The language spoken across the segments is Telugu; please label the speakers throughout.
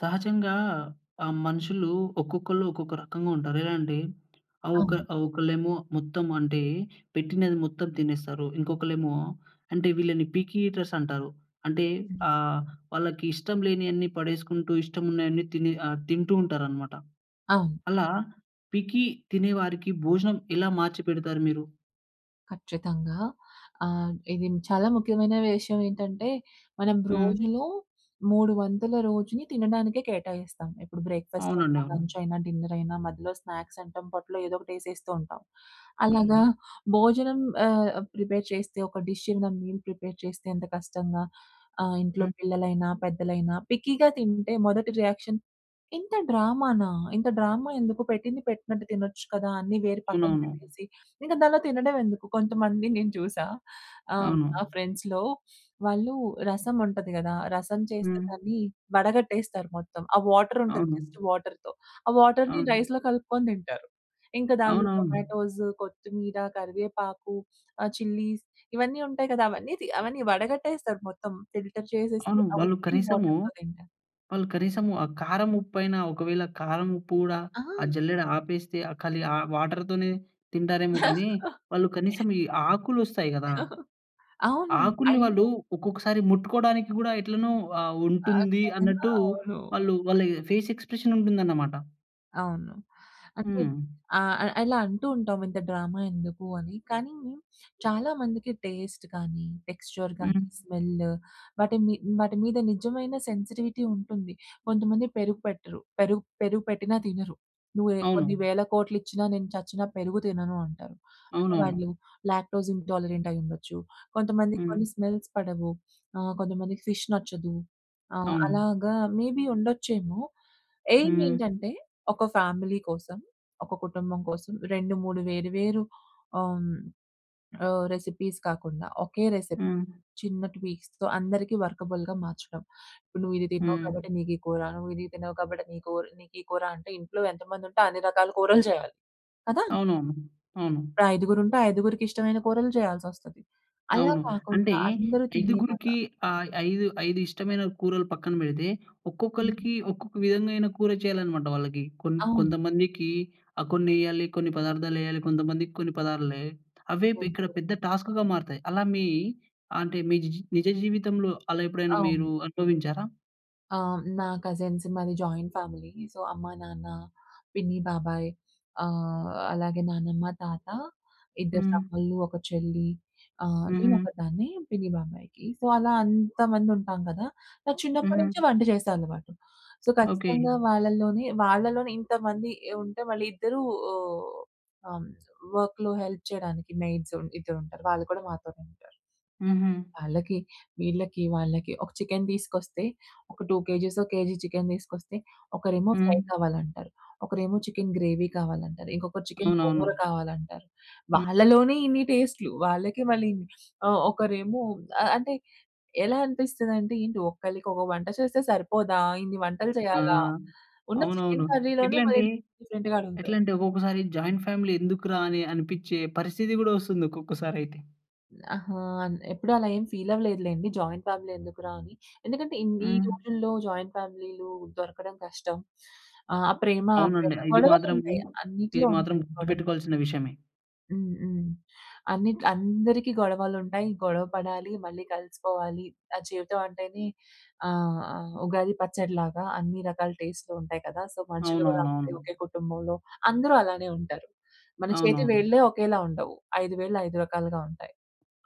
Speaker 1: సహజంగా ఆహ్, మనుషులు ఒక్కొక్కళ్ళు ఒక్కొక్క రకంగా ఉంటారు. ఎలా అంటే ఆహ్, ఒక
Speaker 2: అవును.
Speaker 1: ఆహ్, ఒకళ్ళేమో మొత్తం అంటే పెట్టినది మొత్తం తినేస్తారు. ఇంకొకళ్ళేమో అంటే వీళ్ళని పిక్కీ ఈటర్స్ అంటారు. అంటే
Speaker 2: హుహు.
Speaker 1: ఆహ్, వాళ్ళకి ఇష్టం లేనియన్నీ పడేసుకుంటూ, ఇష్టం ఉన్నయన్నీ తిని ఆహ్, తింటూ ఉంటారనమాట.
Speaker 2: అవును.
Speaker 1: అలా పిక్కీ తినే వారికి భోజనం ఎలా మార్చిపెడతారు మీరు?
Speaker 2: ఖచ్చితంగా. ఆహ్, ఇది చాలా ముఖ్యమైన విషయం ఏంటంటే, మనం
Speaker 1: హ్మ్.
Speaker 2: రోజులో 3 వంతుల రోజుని తినడానికే కేటాయిస్తాం. ఇప్పుడు బ్రేక్‌ఫాస్ట్
Speaker 1: అవునండి.
Speaker 2: అయినా,
Speaker 1: అవును.
Speaker 2: లంచ్ అయినా, డిన్నర్ అయినా మధ్యలో స్నాక్స్ అంటాం. పొట్టలో ఏదోకటి యేసేస్తూ ఉంటాం.
Speaker 1: హ్మ్.
Speaker 2: అలాగా
Speaker 1: హ్మ్.
Speaker 2: భోజనం ఆహ్, ప్రిపేర్ చేస్తే ఒక డిష్ ఇంద మీల్ ప్రిపేర్ చేస్తే ఎంత కష్టంగా ఆహ్, ఇంట్లో
Speaker 1: హ్మ్.
Speaker 2: పిల్లలైనా, పెద్దలైనా పిక్కీగా తింటే, మొదటి రియాక్షన్, ఇంత డ్రామానా! ఇంత డ్రామా ఎందుకు, పెట్టింది పెట్టినట్టు తినొచ్చు కదా! అన్నీ వేరి పక్కన
Speaker 1: అవునవును.
Speaker 2: పెట్టేసి, ఇంక దానిలో తినడం ఎందుకు? కొంతమంది నేను చూసా. ఆహ్,
Speaker 1: అవును.
Speaker 2: నా ఫ్రెండ్స్‌లో వాళ్ళు రసం ఉంటది గదా! రసం చేస్తే
Speaker 1: హ్మ్.
Speaker 2: దాన్ని వడగట్టేస్తారు మొత్తం. ఆ వాటర్ ఉంటది
Speaker 1: అవును.
Speaker 2: జస్ట్ వాటర్‌తో ఆ వాటర్‌ని
Speaker 1: అవును.
Speaker 2: రైస్‌లో కలుపుకొని తింటారు. ఇంకా దానిలో
Speaker 1: అవునవును.
Speaker 2: టొమాటోస్, కొత్తిమీర, కరివేపాకు, ఆహ్, చిల్లీస్ ఇవన్నీ ఉంటాయి కదా! అవన్నీ తీ అవన్నీ వడగట్టేస్తారు మొత్తం ఫిల్టర్ చేసేసి
Speaker 1: అవును.
Speaker 2: ఆహ్,
Speaker 1: వాళ్ళు
Speaker 2: ఉత్తి
Speaker 1: కనీసము
Speaker 2: వాటర్‌తో తింటారు.
Speaker 1: వాళ్ళు కనీసము ఆ కారం, ఉప్పైనా ఒకవేళ కారం ఉప్పు గూడా,
Speaker 2: ఆ!
Speaker 1: ఆ జల్లెడ ఆపేస్తే ఆహ్, కలి ఆహ్, వాటర్‌తోనే తింటారేమో కానీ, వాళ్ళు కనీసం ఈ ఆకులు వస్తాయి గదా!
Speaker 2: అవును.
Speaker 1: ఆకుల్ని వాళ్ళు
Speaker 2: అయ్యో!
Speaker 1: ఒక్కొక్కసారి ముట్టుకోవడానికి గూడా ఎట్లనో ఆహ్, ఉంటుంది
Speaker 2: ఆశర్యాంగా.
Speaker 1: అన్నట్టు
Speaker 2: అవును.
Speaker 1: వాళ్ళు వాళ్ళ ఎ ఫేస్ ఎక్స్‌ప్రె‌షన్ ఉంటుందన్నమాట.
Speaker 2: అవును. అంటే
Speaker 1: హ్మ్.
Speaker 2: ఆహ్, ఆహ్, ఇలా అంటూ ఉంటాం, ఇంత డ్రామా ఎందుకు అని. కానీ, చాలామందికి టేస్ట్ కానీ, టెక్స్చర్ కానీ,
Speaker 1: హుహు.
Speaker 2: స్మెల్ వాటి మి వాటి మీద నిజమైన సెన్సిటివిటీ ఉంటుంది. కొంతమంది పెరుగు పెట్టరు. పెరుగు పెరుగు పెట్టినా తినరు. నువ్వు ఏహ్, కొన్ని
Speaker 1: అవును.
Speaker 2: వేల కోట్లిచ్చినా, నేను చచ్చినా పెరుగు తినను అంటారు. అంటే
Speaker 1: అవునవును.
Speaker 2: వాళ్ళు లాక్టోస్ ఇంటాలరెంట్ అయి ఉండొచ్చు. కొంతమందికి
Speaker 1: హ్మ్.
Speaker 2: కొన్ని స్మెల్స్ పడవు. ఆహ్, కొంతమందికి ఫిష్ నచ్చదు. ఆహ్,
Speaker 1: అవును.
Speaker 2: అలాగా మేబీ ఉండొచ్చేమో, ఏయిమ్
Speaker 1: హ్మ్.
Speaker 2: ఏంటంటే, ఒక ఫ్యామిలీ కోసం, ఒక కుటుంబం కోసం 2, 3 వేరు వేరు ఆహ్, హ్మ్, ఆహ్, రెసిపీస్ కాకుండా ఒకే రెసిపీ.
Speaker 1: హ్మ్.
Speaker 2: చిన్న ట్వీక్స్‌తో అందరికీ వర్కబుల్‌గా మార్చడం. ఇప్పుడు నువ్వు ఇది తినవూ
Speaker 1: హ్మ్.
Speaker 2: కాబట్టి నీకు ఈ కూర, నువ్వు ఇది తిన్నావు కాబట్టి నీ కోర్ నీకు ఈ కూర, అంటే ఇంట్లో ఎంత మంది ఉంటే అన్ని రకాల కూరలు చేయాలి. కదా!
Speaker 1: అవునవును. అవును.
Speaker 2: ఐదుగురు ఉంటే ఐదుగురికి ఇష్టమైన కూరలు చేయాల్సోస్తది. అలా
Speaker 1: అవును. అంటే
Speaker 2: కాకుండా అందరూ తినేలాగ
Speaker 1: ఐదుగురికి ఆహ్, 5, 5 ఇష్టమైన కూరలు పక్కన పెడితే, ఒక్కొక్కలకి ఒక్కొక్క విధమైన కూర చేయాలనమాటాళ్ళకి. కొన్
Speaker 2: అవును.
Speaker 1: కొంతమందికి ఆహ్, కొన్ని ఎయాలి, కొన్ని పదార్థాలు ఎయాలి, కొంతమందికి కొన్ని పదార్థాలు వేయాలి. అవే ఇక్కడ
Speaker 2: ఓకె.
Speaker 1: పెద్ద టాస్క్‌గా మారుతాయి. అలా మీ, అంటే మీ జిజి నిజ జీవితంలో అలా ఎప్పుడైనా మీరు
Speaker 2: అవును.
Speaker 1: అనుభవించారా?
Speaker 2: ఆ! నా కజిన్స్ మాది జాయింట్ ఫ్యామిలీ సో అమ్మ, నాన్న, పిన్ని, బాబాయ్ ఆహ్, అలాగే నానమ్మ, తాత ఇద్దరు
Speaker 1: హ్మ్.
Speaker 2: తమ్ముల్లు, ఒక చెల్లి ఆహ్, నేను
Speaker 1: హుహు.
Speaker 2: ఒకదాన్నే. పిన్ని, బాబాయికి. సో అలా అంతమంది ఉంటాం గదా! నాకు చిన్నప్పటి నుంచే
Speaker 1: హుహు.
Speaker 2: వంట చేసే అలవాటు. So
Speaker 1: okay.
Speaker 2: ఖచ్చితంగా వాళ్ళలోనే వాళ్ళలోనే ఇంతమంది ఉంటే వాళ్ళ ఇద్దరూ ఆహ్, ఆహ్, వర్క్‌లో హెల్ప్ చేయడానికి మెయిడ్స్ ఇద్దరు ఉంటారు వాళ్ళు కూడా మాతోనే ఉంటారు.
Speaker 1: హుహు.
Speaker 2: వాళ్ళకి వీళ్ళకి వాళ్ళకి ఒక చికెన్ తీసుకొస్తే ఒక 2 కేజీసో, కేజీ చికెన్ తీసుకొస్తే ఒకరేమో ఫ్రై
Speaker 1: హ్మ్.
Speaker 2: కావాలంటారు. ఒకరేమో చికెన్ గ్రేవీ కావాలంటారు. ఇంకొకరు చికెన్ గోంగూర
Speaker 1: అవునవును.
Speaker 2: కావాలంటారు. వాళ్ళలోనే ఇన్ని టేస్ట్‌లు. వాళ్ళకే మళ్ళీ ఆహ్, ఒకరేమో ఆహ్, అంటే ఎలా అనిపిస్తుందంటే ఏంటి? ఒకళ్ళకి ఒక వంట చేస్తే సరిపోదా ఇన్ని వంటలు
Speaker 1: ఆ!
Speaker 2: చేయాలా? ఉన్న చికెన్
Speaker 1: అవునవును.
Speaker 2: కర్రీలోనే మళ్ళీ
Speaker 1: ఎట్లంటే,
Speaker 2: డిఫరెంట్ డిఫరెంట్‌గా అడుగుతారు.
Speaker 1: ఎట్లంటే ఒక్కొక్కసారి జాయింట్ ఫ్యామిలీ ఎందుకు‌రా? అని అనిపిచ్చే పరిస్థితి గూడా వస్తుంది. ఒక్కొక్కసారి అయితే.
Speaker 2: అహా! ఎప్పుడు అలా ఏం ఫీల్ అవ్వలేదు లెండి. జాయింట్ ఫ్యామిలీ ఎందుకురా? అని. ఎందుకంటే ఈ
Speaker 1: హ్మ్.
Speaker 2: రోజుల్లో జాయింట్ ఫ్యామిలీ‌లు దొరకడం కష్టం. ఆ ప్రేమ
Speaker 1: అవునండి.
Speaker 2: ఆప్యాయత,
Speaker 1: ఇది
Speaker 2: గొడవలు
Speaker 1: మాత్రము
Speaker 2: ఉంటాయి.
Speaker 1: ఇది
Speaker 2: అన్నిటిలో
Speaker 1: మాత్రం
Speaker 2: ఉంటాయి గొడవలు.
Speaker 1: గుర్తుపెట్టుకోవాల్సిన విషయమే.
Speaker 2: హ్మ్. హ్మ్. అన్ని అందరికి గొడవలు ఉంటాయి గొడవ పడాలి, మళ్ళీ కలిసిపోవాలి. ఆహ్, జీవితం అంటేనే ఆహ్, ఆహ్, ఉగాది పచ్చడిలాగా అన్ని రకాల టేస్ట్‌లు ఉంటాయి కదా. సో మనుషులు కూడా అంతే
Speaker 1: అవునవునవును.
Speaker 2: ఒకే కుటుంబంలో అందరూ అలానే ఉంటారు. మన చేతి
Speaker 1: అవునవును.
Speaker 2: వేళ్ళే ఒకేలా ఉండవు 5 వేల్లు 5 రకాలుగా ఉంటాయి.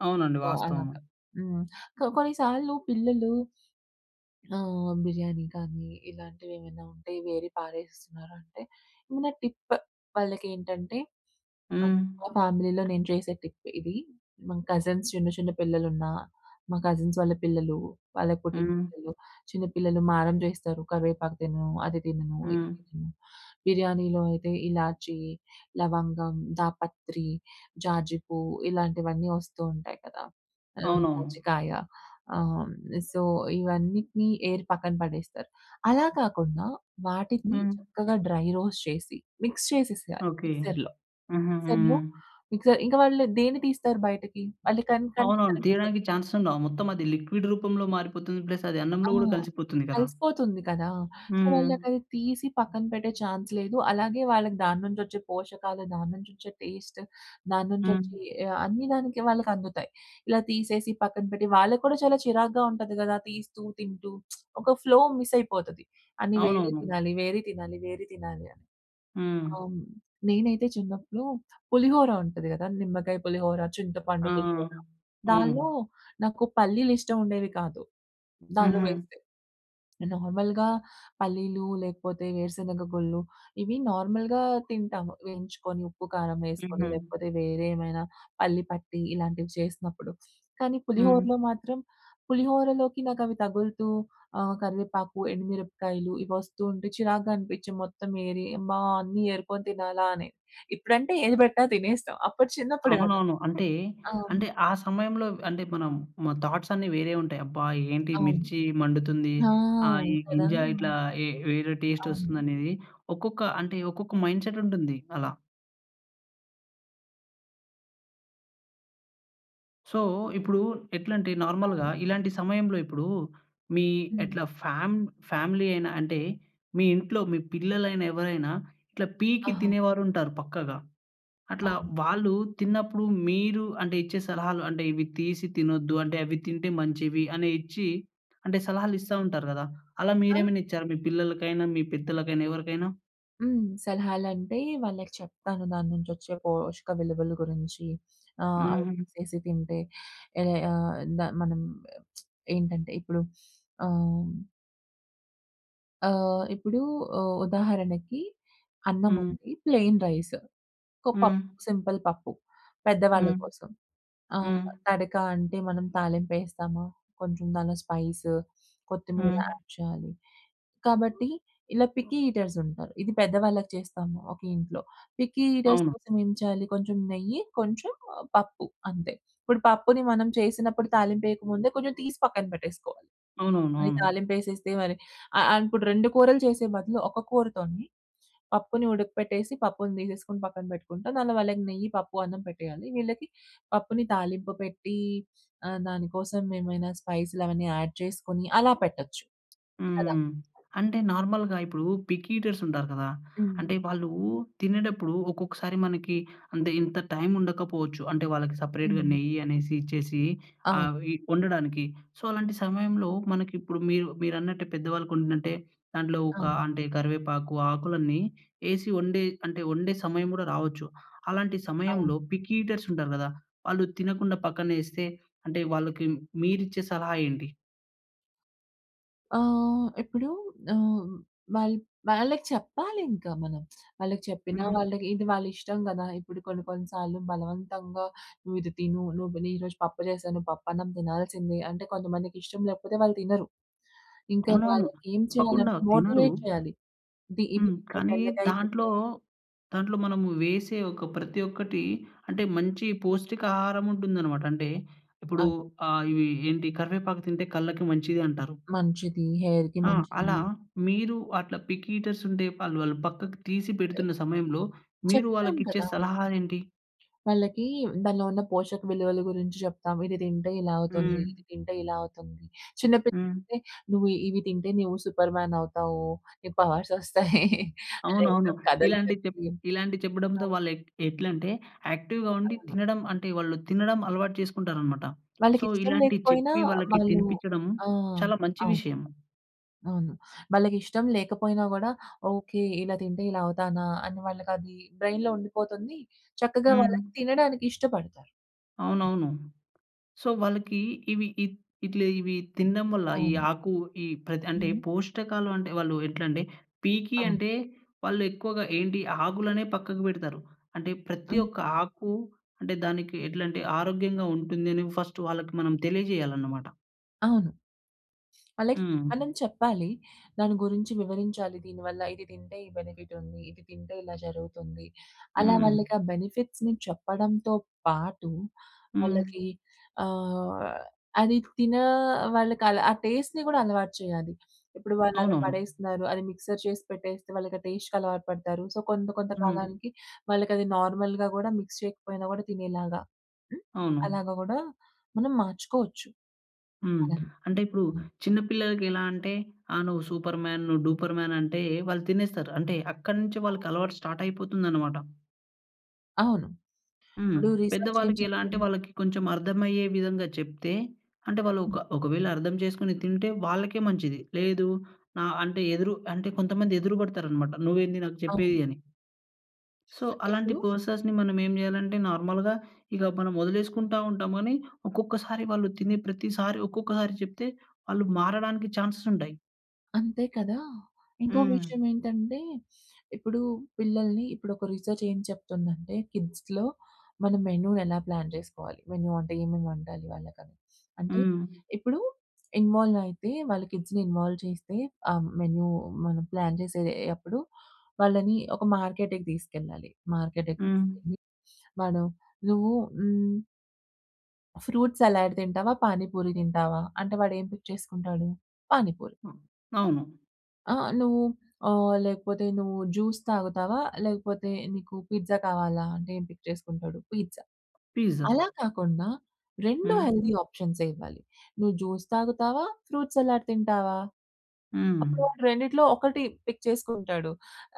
Speaker 1: అవునండి
Speaker 2: సో
Speaker 1: వాస్తవం.
Speaker 2: అలాగా. హ్మ్. సో కొన్ని సార్లు పిల్లలు, ఆ! బిర్యానీ కానీ, ఇలాంటివి ఏమైనా ఉంటే వేరి పారేస్తున్నారంటే ఏమైనా టిప్ వాళ్ళకి ఏంటంటే
Speaker 1: హ్మ్.
Speaker 2: మా ఫ్యామిలీలో నేను చేసే టిప్ ఇది. మా కజిన్స్ చిన్న చిన్న పిల్లలున్న, మా కజిన్స్ వాళ్ళ పిల్లలు, వాళ్ళకి పుట్టిన
Speaker 1: హ్మ్.
Speaker 2: పిల్లలు చిన్న పిల్లలు మారం చేస్తారు కరివేపాకు తినను, అది తినను, ఇది
Speaker 1: హ్మ్.
Speaker 2: తినను బిర్యానీలో అయితే ఇలాచి, లవంగం, దాపత్రి, జాజి పువ్వు ఇలాంటివన్నీ వస్తూ ఉంటాయి కదా! ఆహ్,
Speaker 1: అవునవును.
Speaker 2: జాజికాయ ఆహ్, హ్మ్, సో ఇవన్నిటిని ఏరీ పక్కన పడేస్తారు. అలా కాకుండా వాటిని
Speaker 1: హ్మ్.
Speaker 2: చక్కగా డ్రై రోస్ట్ చేసి మిక్స్ చేసేయాలి
Speaker 1: ఓకె.
Speaker 2: మిక్సర్‌లో.
Speaker 1: హూహూహు.
Speaker 2: మిక్సర్‌లో మిక్సర్ ఇంక వాళ్ళు దేన్ని తీస్తారు బయటకి? అల్లి కన్ కంటికి
Speaker 1: అవునవును
Speaker 2: కనిపించవు.
Speaker 1: తీయడానికి చాన్స్ ఉండవు. మొత్తం అది లిక్విడ్ రూపంలో మారిపోతుంది ప్లస్ అది
Speaker 2: ఆ!
Speaker 1: అన్నంలో కూడా కలిసిపోతుంది కదా!
Speaker 2: కలిసిపోతుంది కదా! సో,
Speaker 1: హ్మ్.
Speaker 2: వాళ్ళకది తీసి పక్కన పెట్టే ఛాన్స్ లేదు, అలాగే వాళ్ళకి దాని నుంచి వచ్చే పోషకాలు, దాని నుంచి వచ్చే టేస్ట్, దాని నుంచి
Speaker 1: హ్మ్.
Speaker 2: వచ్చే, ఆహ్, అన్ని దానికి వాళ్ళకి అందుతాయి. ఇలా తీసేసి, పక్కన పెట్టి వాళ్ళకి కూడా చాలా చిరాకుగా ఉంటది కదా! తీస్తూ తింటూ ఒక ఫ్లో మిస్ అయిపోతది, అని వేరే
Speaker 1: అవునవును.
Speaker 2: తినాలి, వేరే తినాలి, వేరి తినాలి అని.
Speaker 1: హ్మ్.
Speaker 2: అవును. నేనైతే చిన్నప్పుడు పులిహోర ఉంటది కదా! నిమ్మకాయ పులిహోర, చింతపండు
Speaker 1: ఆ!
Speaker 2: పులిహోర దానిలో
Speaker 1: అవును.
Speaker 2: నాకు పల్లీలు ఇష్టం ఉండేవి కాదు దానిలో
Speaker 1: హుహు.
Speaker 2: వేస్తే. నార్మల్‍గా పల్లీలు లేకపోతే వేరుశెనగ గుళ్ళు ఇవి నార్మల్‍గా తింటాము, వేయించుకొని ఉప్పు కారం వేసుకొని
Speaker 1: హుహు.
Speaker 2: లేకపోతే వేరే ఏమైనా పల్లి పట్టి ఇలాంటివి చేసినప్పుడు. కానీ
Speaker 1: హ్మ్.
Speaker 2: పులిహోరలో మాత్రం పులిహోరలోకి నాకు అవి తగులుతూ ఆహ్, కరివేపాకు ఎండుమిరపకాయలు ఇవి వస్తూ ఉంటే చిరాకుగా అనిపించి మొత్తం ఏరి, అమ్మా! అన్నీ ఏరుకొని తినాలా అని. ఇప్పుడంటే ఏది పెట్టినా తినేస్తాం. అప్పుడు చిన్నప్పుడు గదా!
Speaker 1: అవునవును, అంటే,
Speaker 2: అవును.
Speaker 1: అంటే ఆ సమయంలో అంటే మనం మన థాట్స్ అన్ని వేరే ఉంటాయి. అబ్బా! ఏంటి
Speaker 2: అవును.
Speaker 1: మిర్చి మండుతుంది.
Speaker 2: ఆ!
Speaker 1: ఆహ్, ఈ
Speaker 2: కదా!
Speaker 1: గింజా
Speaker 2: ఆ!
Speaker 1: ఇట్లా ఏ వేరే టేస్ట్
Speaker 2: అవును.
Speaker 1: వస్తుంది అనేది ఒక్కొక్క అంటే, ఒక్కొక్క మైండ్‌సెట్ ఉంటుంది అలా. సో, ఇప్పుడు ఎట్లంటే నార్మల్‌గా
Speaker 2: అవును.
Speaker 1: ఇలాంటి సమయంలో ఇప్పుడు మీ
Speaker 2: హ్మ్.
Speaker 1: ఎట్లా ఫ్యాం ఫ్యామిలీ అయినా అంటే, మీ ఇంట్లో మీ పిల్లలైనా ఎవరైనా ఇట్లా పీకి
Speaker 2: ఆహా!
Speaker 1: తినేవారుంటారు పక్కాగా. అట్లా
Speaker 2: అవును.
Speaker 1: వాళ్ళు తిన్నప్పుడు మీరు అంటే, ఇచ్చే సలహాలు అంటే ఇవి తీసి తినొద్దు అంటే, అవి తింటే మంచివి అని ఇచ్చి అంటే సలహాలు ఇస్తా ఉంటారు కదా! అలా
Speaker 2: అ!
Speaker 1: మీరేమైనా ఇచ్చారా మీ పిల్లలకైనా, మీ పెద్దలకైనా, ఎవరికైనా?
Speaker 2: హ్మ్. సలహాలంటే వాళ్ళకి చెప్తాను. దాని నుంచి వచ్చే పోషక విలువలు గురించి ఆహ్, అవి
Speaker 1: హుహు.
Speaker 2: చేసి తింటే ఏహ్, ఆహ్, ద మనం ఏంటంటే ఇప్పుడు ఆహ్ ఆహ్, ఇప్పుడు ఉ ఉదాహరణకి అన్నం
Speaker 1: హ్మ్.
Speaker 2: ఉంది. ప్లెయిన్ రైస్ ఒక పప్
Speaker 1: హ్మ్.
Speaker 2: సింపుల్ పప్పు పెద్దవాళ్ళ
Speaker 1: హ్మ్.
Speaker 2: కోసం. ఆహ్,
Speaker 1: హ్మ్.
Speaker 2: తడక అంటే మనం తాలింప్పెస్తామ, కొంచెం దానిలో స్పైస్, కొత్తిమీర
Speaker 1: హ్మ్.
Speaker 2: యాడ్ చేయాలి. కాబట్టి ఇలా పిక్కీ ఈటర్స్ ఉంటారు. ఇది పెద్దవాళ్ళకి చేస్తాము ఒకే ఇంట్లో. పిక్కీ ఈటర్స్
Speaker 1: అవును.
Speaker 2: కోసం ఏం చేయాలి? కొంచెం నెయ్యి, కొంచెం పప్పు అంతే. ఇప్పుడు పప్పుని మనం చేసినప్పుడు తాలింపు వేయక ముందే కొంచెం తీసి పక్కన పెట్టేసుకోవాలి. అది
Speaker 1: అవునవునవును.
Speaker 2: తాలింపు వేసేస్తే మరి ఆహ్, ఆహ్, అనుకుంటారు 2 కూరలు చేసే బదులు ఒక కూరతోని పప్పుని ఉడకపెట్టేసి, పప్పుని తీసేసుకొని పక్కన పెట్టుకుంటా. అందులో వాళ్ళకి నెయ్యి పప్పు అన్నం పెట్టేయాలి. వీళ్ళకి పప్పుని తాలింపు పెట్టి ఆహ్, దానికోసం ఏమైనా స్పైస్‌లు అవన్నీ యాడ్ చేసుకొని అలా పెట్టొచ్చు. కదా!
Speaker 1: హ్మ్. అంటే నార్మల్‍గా ఇప్పుడు పిక్కీ ఈటర్స్ ఉంటారు కదా.
Speaker 2: హ్మ్.
Speaker 1: అంటే
Speaker 2: అవును.
Speaker 1: వాళ్ళు తినేటప్పుడు ఒక్కొక్కసారి మనకి అంటే ఇంత టైం ఉండకపోవచ్చు అంటే వాళ్ళకి సెపరేట్‌గా
Speaker 2: హ్మ్.
Speaker 1: నెయ్యి అనేసి ఇచ్చేసి
Speaker 2: అవును.
Speaker 1: ఆహ్, వి వండడానికి. సో, అలాంటి సమయంలో మనకి ఇప్పుడు మీరు మీరన్నట్టే పెద్దవాళ్ళకి వండినంటే దాంట్లో ఒక
Speaker 2: అవును.
Speaker 1: అంటే, కరివేపాకు ఆకులన్నీ వేసి వండే అంటే వండే సమయం కూడా రావచ్చు. అలాంటి
Speaker 2: అవును.
Speaker 1: సమయంలో పిక్కీ ఈటర్స్ ఉంటారు గద. వాళ్ళు తినకుండా పక్కనేస్తే అంటే వాళ్ళకి మీరిచ్చే సలహా ఏంటి?
Speaker 2: ఆహ్, ఇప్పుడూ ఆహ్, వాళ్ల్ వాళ్ళకి చెప్పాలింక మనం. వాళ్ళకి చెప్పినా,
Speaker 1: హ్మ్.
Speaker 2: వాళ్ళకి ఇది వాళ్ళిష్టం గదా! ఇప్పుడు కొన్ని కొన్ని సార్లు బలవంతంగా "నువ్విది తిను, నువ్వు నే ఈరోజు పప్పు జేశాను, పప్పున్నం తినాల్సిందే." అంటే కొంతమందికి ఇష్టం లేకపోతే వాళ్ళు తినరు. ఇంక
Speaker 1: అవునవును.
Speaker 2: వాళ్ళకేం
Speaker 1: తప్పకుండా
Speaker 2: చేయాలంటే
Speaker 1: తినరు.
Speaker 2: మోటివేట్ చేయాలి. ఇది ఇవి
Speaker 1: హ్మ్,
Speaker 2: అంటే,
Speaker 1: కానీ
Speaker 2: బెండకాయ
Speaker 1: దాంట్లో,
Speaker 2: తింటే
Speaker 1: దాంట్లో మనము వేసే ఒక ప్రతి ఒక్కటీ అంటే మంచి పోష్టిక ఆహారముంటుందనమాట. అంటే ఇప్పుడు
Speaker 2: అవును.
Speaker 1: ఆహ్, ఇవి ఏంటి? "కరివేపాకు తింటే కళ్ళకి మంచిది అంటారు."
Speaker 2: మంచిది. హెయిర్‌కి
Speaker 1: ఆ!
Speaker 2: మంచిది.
Speaker 1: అలా, మీరు అట్లా పికీటర్సుంటే వాళ్ళు వాళ్ళు పక్కకి తీసి పెడుతున్న సమయంలో, మీరు
Speaker 2: చెప్తాం
Speaker 1: వాళ్ళకిచ్చే
Speaker 2: కదా!
Speaker 1: సలహాలేంటి?
Speaker 2: వాళ్ళకీ దానిలో ఉన్న పోషక విలువలు గురించి జెప్తాం. ఇది తింటే ఇలా అవుతుంది. ఇది
Speaker 1: హ్మ్.
Speaker 2: తింటే ఇలా అవుతుంది. చిన్న
Speaker 1: హ్మ్.
Speaker 2: పిల్లలయితే, నువ్వు ఇవి తింటే నీవు సూపర్‌మేనవుతావు. నీకు పవర్సొస్తాయి. అలా ఏదో
Speaker 1: అవునవును.
Speaker 2: కథలు
Speaker 1: ఇలాంటి చెప్
Speaker 2: చెప్పి
Speaker 1: ఇలాంటి చెప్పడంతో
Speaker 2: అవును.
Speaker 1: వాళ్ళు ఎట్ ఎట్లంటే యాక్టివ్‌గా ఉండి,
Speaker 2: అవును.
Speaker 1: తినడం అంటే వాళ్ళు తినడం అలవాటు చేసుకుంటారనమాట. సో,
Speaker 2: వాళ్ళకిష్టం
Speaker 1: ఇలాంటి
Speaker 2: లేకపోయినా
Speaker 1: చెప్పి వాళ్ళకి
Speaker 2: వాళ్ళూ
Speaker 1: తినిపిచ్చడం
Speaker 2: ఆ!
Speaker 1: చాలా మంచి
Speaker 2: అవును.
Speaker 1: విషయం.
Speaker 2: అవును. వాళ్ళకిష్టం లేకపోయినా గూడా "ఓకే, ఇలా తింటే ఇలా అవుతానా?" అని వాళ్ళకది బ్రెయి‌న్‌లో ఉండిపోతుంది. చక్కగా
Speaker 1: హ్మ్.
Speaker 2: వాళ్ళకి తినడానికి ఇష్టపడతారు.
Speaker 1: అవునవును. సో, వాళ్ళకి ఇవి ఇట్ ఇట్ల ఇవి తినడం వల్ల ఈ
Speaker 2: అవును.
Speaker 1: ఆకు, ఈ ప్రతి అంటే
Speaker 2: హ్మ్.
Speaker 1: పోష్టకాలంటే, వాళ్ళు ఎట్లంటే, పీకీ
Speaker 2: అవును.
Speaker 1: అంటే, వాళ్ళు ఎక్కువగా ఏంటి, ఆకులనే పక్కకు పెడతారు. అంటే ప్రతి
Speaker 2: హ్మ్.
Speaker 1: ఒక్క ఆకు అంటే దానికి ఎట్లంటే, ఆరోగ్యంగా ఉంటుందని ఫస్ట్ వాళ్ళకి మనం తెలియజేయాలనమాట.
Speaker 2: అవును. వాళ్ళకి
Speaker 1: హ్మ్.
Speaker 2: మనం చెప్పాలి. దాని గురించి వివరించాలి. దీనివల్ల ఇది తింటే, ఈ బెనిఫిట్ ఉంది. ఇది తింటే ఇలా జరుగుతుంది. అలా
Speaker 1: హ్మ్.
Speaker 2: వాళ్ళకి ఆ బెనిఫిట్స్‌ని చెప్పడంతో పాటు,
Speaker 1: హ్మ్.
Speaker 2: వాళ్ళకి ఆహ్, అది తిన వాళ్ళకి అలా ఆ టేస్ట్‌ని కూడా అలవాటు చేయాలి. ఇప్పుడు వాళ్ళు అలా
Speaker 1: అవునవును.
Speaker 2: పడేస్తున్నారు, అది మిక్సర్ చేసి పెట్టేస్తే, వాళ్ళకి ఆ టేస్ట్‌కి అలవాటు పడతారు. సో కొంత కొంత
Speaker 1: హ్మ్.
Speaker 2: కాలానికి వాళ్ళకి అది నార్మల్‍గా గూడా మిక్స్ చేయకపోయినా గూడా తినేలాగా
Speaker 1: అవును.
Speaker 2: అలాగ గూడా మనం మార్చుకోవచ్చు
Speaker 1: హ్మ్.
Speaker 2: వాళ్ళని.
Speaker 1: అంటే ఇప్పుడు చిన్న పిల్లలకి ఎలా అంటే, ఆహ్, నువ్వు సూపర్ మ్యాన్, నువు డూపర్ మ్యాన్ అంటే వాళ్ళు తినేస్తారు. అంటే అక్కడ నుంచి వాళ్ళకి అలవాటు స్టార్ట్ అయిపోతుందన్నమాట.
Speaker 2: అవును.
Speaker 1: హ్మ్.
Speaker 2: ఇప్పుడు రీసెర్చ్ ఏం
Speaker 1: పెద్దవాళ్ళకి ఎలా అంటే
Speaker 2: చెప్తుంది?
Speaker 1: వాళ్ళకి కొంచెం అర్థం అయ్యే విధంగా చెప్తే అంటే వాళ్ళు ఒక ఒకవేళ అర్థం చేసుకొని తింటే వాళ్ళకే మంచిది. లేదు ఆహ్, అంటే ఎదురు అంటే కొంతమంది ఎదురు పడతారు అన్నమాట నువ్వు ఏంది నాకు
Speaker 2: అవును.
Speaker 1: చెప్పేది? అని. సో అలాంటి
Speaker 2: ఎప్పుడు?
Speaker 1: పర్సన్స్‌ని మనం ఏం జేయాలంటే, నార్మల్‌గా ఇగ మనం వదిలేసుకుంటా ఉంటాము. కానీ ఒక్కొక్కసారి వాళ్ళు తినే ప్రతిసారి ఒక్కొక్కసారి చెప్తే, వాళ్ళు మారడానికి ఛాన్సెస్ ఉంటాయి.
Speaker 2: అంతే కదా! ఇంకోక
Speaker 1: హ్మ్.
Speaker 2: విషయం ఏంటంటే, ఇప్పుడూ పిల్లల్ని ఇప్పుడొక రిసెర్చేం చెప్తుందంటే, కిడ్స్‌లో మనం మెను ఎలా ప్లాన్ జేసుకోవాలి? మెను అంటే ఏమేముండాలి వాళ్ళకని? అంటే,
Speaker 1: హ్మ్.
Speaker 2: ఇప్పుడూ ఇన్వాలైతే, వాళ్ళ కిడ్స్‌ని ఇన్వాల్వ్ చేస్తే, ఆ మెను మనం ప్లాన్ జేసే అప్పుడు, వాళ్ళని ఒక మార్కెట్‌కి దీసుకెళ్లాలి. మార్కెట్‌కి
Speaker 1: హ్మ్.
Speaker 2: తీసుకెళ్ళి, మనం, నువ్వు హ్మ్ ఫ్రూట్ సలాడ్ తింటావా? పానిపూరి తింటావా? అంటే వాడేం పిక్ చేసుకుంటాడు? పానిపూరి.
Speaker 1: ఆ! అవును.
Speaker 2: ఆ! నువ్వు ఆహ్, లేకపోతే నువ్వు జ్యూస్ తాగుతావా? లేకపోతే, నీకు పిజ్జా కావాలా? అంటే, ఏం పిక్ చేసుకుంటాడు? పీజ్జా.
Speaker 1: పిజ్జా.
Speaker 2: అలా కాకుండా రెండూ
Speaker 1: హ్మ్.
Speaker 2: హెల్తీ ఆప్షన్సే ఇవ్వాలి. నువ్వు జ్యూస్ తాగుతావా? ఫ్రూట్ సలాడ్ తింటావా?
Speaker 1: హ్మ్.
Speaker 2: అప్పుడాడు రెండిట్లో 1 పిక్ చేసుకుంటాడు.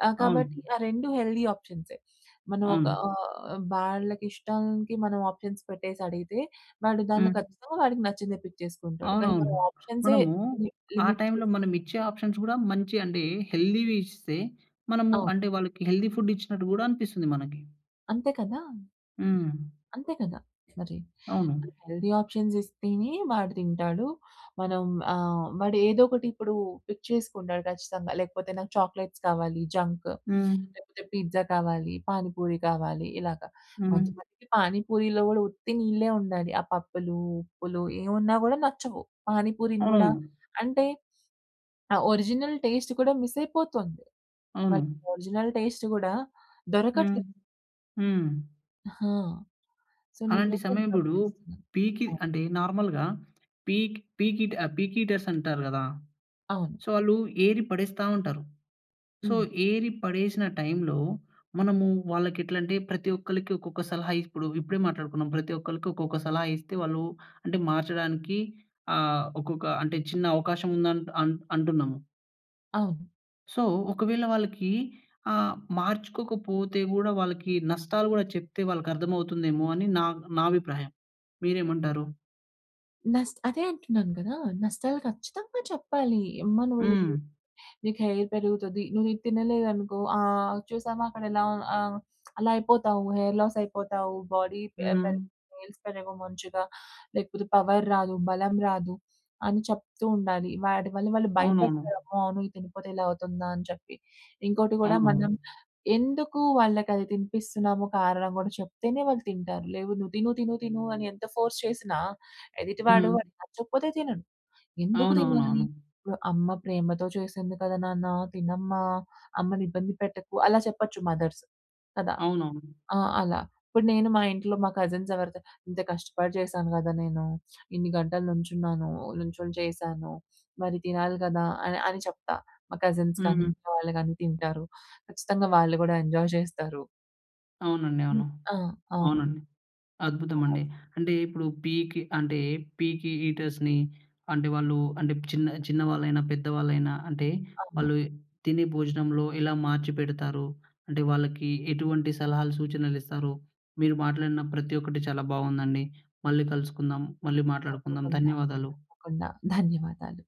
Speaker 2: ఆహ్, కాబట్టి
Speaker 1: అవును.
Speaker 2: ఆ రెండూ హెల్తీ ఆప్షన్సే. మనం ఒక
Speaker 1: అవును.
Speaker 2: అహ్, వాళ్ళకిష్టానికి మనం ఆప్షన్స్ పెట్టేసడిగితే, వాడు దాన్లో
Speaker 1: హ్మ్.
Speaker 2: ఖచ్చితంగా వాడికి నచ్చిందే పిక్ చేసుకుంటాడు. కానీ
Speaker 1: అవునవును.
Speaker 2: మనం ఆప్షన్సే
Speaker 1: మనమూ,
Speaker 2: లి
Speaker 1: ఆ
Speaker 2: లిమిట్
Speaker 1: టైంలో
Speaker 2: చేసేసి
Speaker 1: మనమిచ్చే ఆప్షన్స్ గూడా, మంచి అంటే హెల్తీవి ఇస్తే, మనము
Speaker 2: ఆ!
Speaker 1: అంటే, వాళ్ళకి హెల్తీ ఫుడ్ ఇచ్చినట్టు గూడా అనిపిస్తుంది మనకి.
Speaker 2: అంతే కదా!
Speaker 1: హ్మ్.
Speaker 2: అంతే కదా! మరి.
Speaker 1: అవును.
Speaker 2: హెల్దీ ఆప్షన్స్ ఇస్తేనే వాడు తింటాడు. మనం ఆహ్, వాడు ఏదోకటి ఇప్పుడు పిక్ చేసుకుంటాడు, ఖచ్చితంగా. లేకపోతే "నాకు చాక్లెట్స్ కావాలి, జంక్
Speaker 1: హ్మ్.
Speaker 2: లేపోతే పిజ్జా కావాలి, పాని పూరి కావాలి" ఇలాగ.
Speaker 1: హ్మ్.
Speaker 2: కొంతమందికి పానీపూరీలో కూడా ఉత్తి నీళ్ళే ఉండాలి. ఆ పప్పులు ఉప్పులు ఏవున్నా గూడా నచ్చవు. పానీపూరీని గూడా
Speaker 1: అవునవును.
Speaker 2: అంటే ఆ ఒరిజినల్ టేస్ట్ కూడా మిసయిపోతోంది. వాళ్ళకి
Speaker 1: అవును.
Speaker 2: ఆ ఒరిజినల్ టేస్ట్ గూడా
Speaker 1: హ్మ్.
Speaker 2: దొరకట్లేదు.
Speaker 1: హ్మ్.
Speaker 2: ఆ! సో,
Speaker 1: అలాంటి
Speaker 2: నేనైతే
Speaker 1: సమయప్పుడు
Speaker 2: గమనిస్తున్నాను.
Speaker 1: పీకిద్
Speaker 2: అవును.
Speaker 1: అంటే నార్మల్‌గా పీక్ పీకిటాప్ పీకీటర్సంటారు గదా!
Speaker 2: అవును.
Speaker 1: సో, ఆళ్ళు ఏరి పడేస్తా ఉంటారు. సో,
Speaker 2: హ్మ్.
Speaker 1: ఏరి పడేసిన టైమ్‌లో మనము వాళ్ళకి ఎట్లంటే ప్రతీ ఒక్కలకి ఒక్కొక్క సలహా ఇప్పుడు ఇప్పుడే మాట్లాడుకున్నాం ప్రతి ఒక్కలకి, ఒక్కొక్క సలహా ఇస్తే వాళ్ళూ, అంటే మార్చడానికి ఆహ్, ఒకొక్క అంటే చిన్న అవకాశముంది అన్ అంట్ అంటున్నాము.
Speaker 2: అవును.
Speaker 1: సో, ఒకవేళ వాళ్ళకి ఆహ్, మార్చుకోకపోతే గూడా వాళ్ళకి నష్టాలు గూడా చెప్తే వాళ్ళకి అర్థమవుతుందేమో అని నా నా అభిప్రాయం. మీరేమంటారు?
Speaker 2: నస్ అదే అంటున్నాను కదా! నష్టాలు ఖచ్చితంగా చెప్పాలి. ఎమ్మా! నువ్వు
Speaker 1: హ్మ్.
Speaker 2: నీకు హెయిర్ పెరుగుతది. నువ్వు ఇది తినలేదనుకో, ఆహ్, చూసావా, అక్కడెలా ఆహ్, అలా అయిపోతావు. హెయిర్ లాస్ అయిపోతావు. బోడీ పె
Speaker 1: హ్మ్.
Speaker 2: పెరగదు. నేయిల్స్ పెరగవు మంచిగా. లేకపోతే, పవర్ రాదు. బలం రాదు. అని చెప్తూ ఉండాలి. వాటి వల్ల, వాళ్ళు
Speaker 1: అవునవును.
Speaker 2: భయపడతారు. అమ్మో! అవును. ఇది తినపోతే, ఇలా అవుతుందా అని చెప్పి. ఇంకోటి కూడా,
Speaker 1: అవునవును.
Speaker 2: మనం ఎందుకు వాళ్ళకది తినిపిస్తున్నాము, కారణం కూడా చెప్తేనే, వాళ్ళు తింటారు. లేవు, నువ్వు తిను, తిను, తిను అని ఎంత ఫోర్స్ చేసినా, ఎదిటివాడు,
Speaker 1: హ్మ్.
Speaker 2: వాడికి నచ్చకపోతే తినడు. ఎందుకు తినాలి?
Speaker 1: అవునవునవును.
Speaker 2: ఓహ్! అమ్మ ప్రేమతో చేసింది కద నాన్నా! తినమ్మా! అమ్మనిబ్బంది పెట్టకు. అలా చెప్పచ్చు మదర్స్. కదా!
Speaker 1: అవునవును.
Speaker 2: ఆ! అలా. ఇప్పుడు నేను మా ఇంట్లో మా కజిన్స్ ఎవరితోనైనా, ఇంత కష్టపడి చేశాను కదా నేను! ఇన్ని గంటలు నుంచున్నాను. ఓ నుంచొని చేశాను. మరి తినాలి కదా! అని. అని చెప్తా. మా కజిన్స్ కానీ,
Speaker 1: హ్మ్.
Speaker 2: ఇంట్లో వాళ్ళు కానీ తింటారు. ఖచ్చితంగా వాళ్ళు కూడా ఎంజోయ్ చేస్తారు.
Speaker 1: అవునండి.
Speaker 2: హ్మ్.
Speaker 1: అవును.
Speaker 2: ఆ! అవును.
Speaker 1: అవునండి.
Speaker 2: బావుంది.
Speaker 1: అద్భుతమండి! అంటే, ఇప్పుడు పీకి అంటే పీకి ఈటర్స్‌ని అంటే, వాళ్ళు అంటే, చిన్న చిన్నవాళ్ళైనా, పెద్దవాళ్ళైనా అంటే,
Speaker 2: అవును.
Speaker 1: వాళ్ళు ఇ తినే భోజనంలో ఎలా మార్చిపెడతారు, అంటే వాళ్ళకి ఎటువంటి సలహాలు, సూచనలిస్తారు, మీరు మాట్లాడిన ప్రతి ఒక్కటీ చాలా బావుందండి. మళ్ళీ కలుసుకుందాము. మళ్ళీ మాట్లాడుకుందాం.
Speaker 2: తప్పకుండా!
Speaker 1: ధన్యవాదాలు.
Speaker 2: తప్పకుండా. ధన్యవాదాలు.